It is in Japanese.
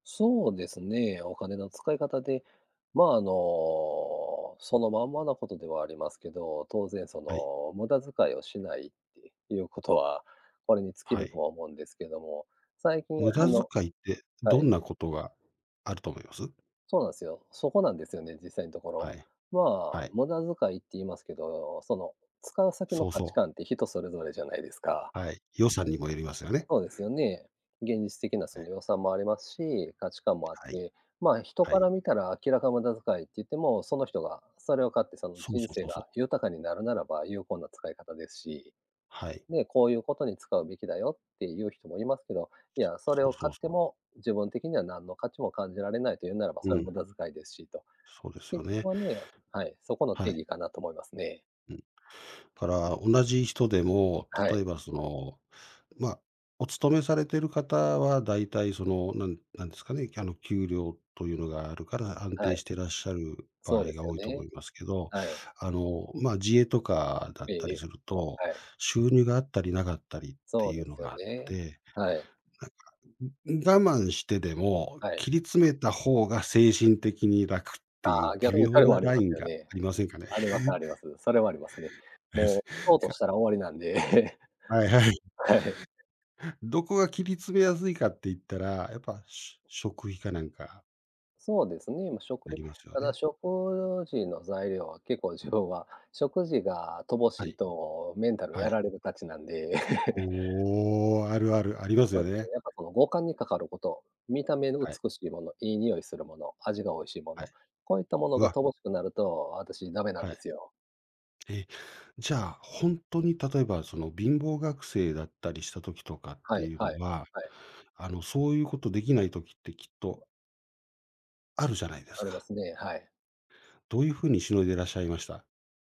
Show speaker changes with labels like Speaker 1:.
Speaker 1: そうですね。お金の使い方で、まあ、あの、そのまんまなことではありますけど、当然そ
Speaker 2: はい。
Speaker 1: の、無駄遣いをしないっていうことは、これに尽き
Speaker 2: は
Speaker 1: ると
Speaker 2: い。
Speaker 1: は思うんですけども、最近
Speaker 2: 無
Speaker 1: あ
Speaker 2: 駄
Speaker 1: の
Speaker 2: 遣いって
Speaker 1: は
Speaker 2: ど
Speaker 1: い。
Speaker 2: んなことがあると思います？
Speaker 1: そうなんすよ。そこなんですよね、実際のところ。
Speaker 2: はい、
Speaker 1: まあ、
Speaker 2: はい。
Speaker 1: 無駄遣いって言いますけど、その、使う先の
Speaker 2: そう
Speaker 1: 価値
Speaker 2: そう。
Speaker 1: 観って人それぞれじゃないですか？
Speaker 2: はい。予算にもよりますよね。
Speaker 1: そうですよね。現実的な
Speaker 2: え
Speaker 1: そ
Speaker 2: え。
Speaker 1: の予算もありますし、価値観もあっ
Speaker 2: はい。
Speaker 1: て、まあ、人
Speaker 2: は
Speaker 1: か
Speaker 2: い。
Speaker 1: ら見たら明らか無駄遣いって言っても、その人がそれを買ってその
Speaker 2: そう
Speaker 1: 人
Speaker 2: そう
Speaker 1: 生
Speaker 2: そうそ
Speaker 1: が、
Speaker 2: う。
Speaker 1: 豊かになるならば、有効な使い方ですし、
Speaker 2: はい。
Speaker 1: で「こういうことに使うべきだよ」っていう人もいますけど、いや、それ
Speaker 2: そう
Speaker 1: を
Speaker 2: そう
Speaker 1: 買って
Speaker 2: そう。
Speaker 1: も、自分的には何の価値も感じられないというならば、
Speaker 2: う
Speaker 1: それ無
Speaker 2: ん。
Speaker 1: 駄遣いですしと。
Speaker 2: そうですよ
Speaker 1: 結局
Speaker 2: ね。
Speaker 1: はね、はい、そこの定
Speaker 2: はい。
Speaker 1: 義かなと思いますね。
Speaker 2: うん。から同じ人でも、
Speaker 1: はい。
Speaker 2: 例えばその、まあ、お勤めされてる方は大体その、なんなんですかね、あの、給料というのがあるから、安
Speaker 1: は
Speaker 2: 定
Speaker 1: い。
Speaker 2: してらっしゃる場
Speaker 1: そう
Speaker 2: 合
Speaker 1: で
Speaker 2: が
Speaker 1: すよ
Speaker 2: 多いと思
Speaker 1: ね。
Speaker 2: いますけど、
Speaker 1: はい。
Speaker 2: あの、ま、自営とかだ
Speaker 1: え
Speaker 2: っ
Speaker 1: え
Speaker 2: た
Speaker 1: え
Speaker 2: り
Speaker 1: え。
Speaker 2: すると、
Speaker 1: はい。
Speaker 2: 収入があったりなかったりって
Speaker 1: そう
Speaker 2: い
Speaker 1: で
Speaker 2: うの
Speaker 1: すよ
Speaker 2: があっ
Speaker 1: ね。
Speaker 2: て、
Speaker 1: はい。
Speaker 2: なんか、ううん、我慢してでも、
Speaker 1: はい。
Speaker 2: 切り詰めた方が精神的に楽ってい
Speaker 1: あ
Speaker 2: う
Speaker 1: あ、逆
Speaker 2: 微
Speaker 1: にそ
Speaker 2: 妙
Speaker 1: れも
Speaker 2: な
Speaker 1: あり
Speaker 2: ラ
Speaker 1: ま
Speaker 2: イ
Speaker 1: す
Speaker 2: ン
Speaker 1: よ
Speaker 2: が
Speaker 1: ね。
Speaker 2: ありませんかね？
Speaker 1: あります、あります。それはありますね。
Speaker 2: で
Speaker 1: も
Speaker 2: す
Speaker 1: うショートとし
Speaker 2: か。
Speaker 1: たら終わりなんで。
Speaker 2: はいはい。
Speaker 1: はい。
Speaker 2: どこが切り詰めやすいかっていったら、やっぱ、し食費かなんか。
Speaker 1: そうですね、ま、食
Speaker 2: な
Speaker 1: 費
Speaker 2: りますよ
Speaker 1: ただ
Speaker 2: ね。
Speaker 1: 食事の材料は結構自分は、食事が乏し
Speaker 2: は
Speaker 1: い
Speaker 2: い。
Speaker 1: とメンタル
Speaker 2: は
Speaker 1: や
Speaker 2: い。
Speaker 1: られるたちなんで。
Speaker 2: おお、あるある、あります
Speaker 1: そ
Speaker 2: よ
Speaker 1: うすね、
Speaker 2: ね。
Speaker 1: やっぱこの五感にかかること、見た目の
Speaker 2: はい。
Speaker 1: 美しいもの、いい匂いするもの、味が美味しいも
Speaker 2: は
Speaker 1: の、
Speaker 2: い。
Speaker 1: こういったもの
Speaker 2: う
Speaker 1: が
Speaker 2: わ。
Speaker 1: 乏しくなると、私ダメなん
Speaker 2: は
Speaker 1: で
Speaker 2: い。
Speaker 1: すよ。
Speaker 2: え、じゃ、ほんとに、例えばその貧乏学生だったりした時とかっ
Speaker 1: は
Speaker 2: て
Speaker 1: い
Speaker 2: いう
Speaker 1: はい、
Speaker 2: のは、
Speaker 1: はい。
Speaker 2: あの、そういうことできない時ってきっとあるじゃないで
Speaker 1: あ
Speaker 2: す
Speaker 1: りま
Speaker 2: か。
Speaker 1: すね、はい。
Speaker 2: どういう風に凌いでらっしゃいました？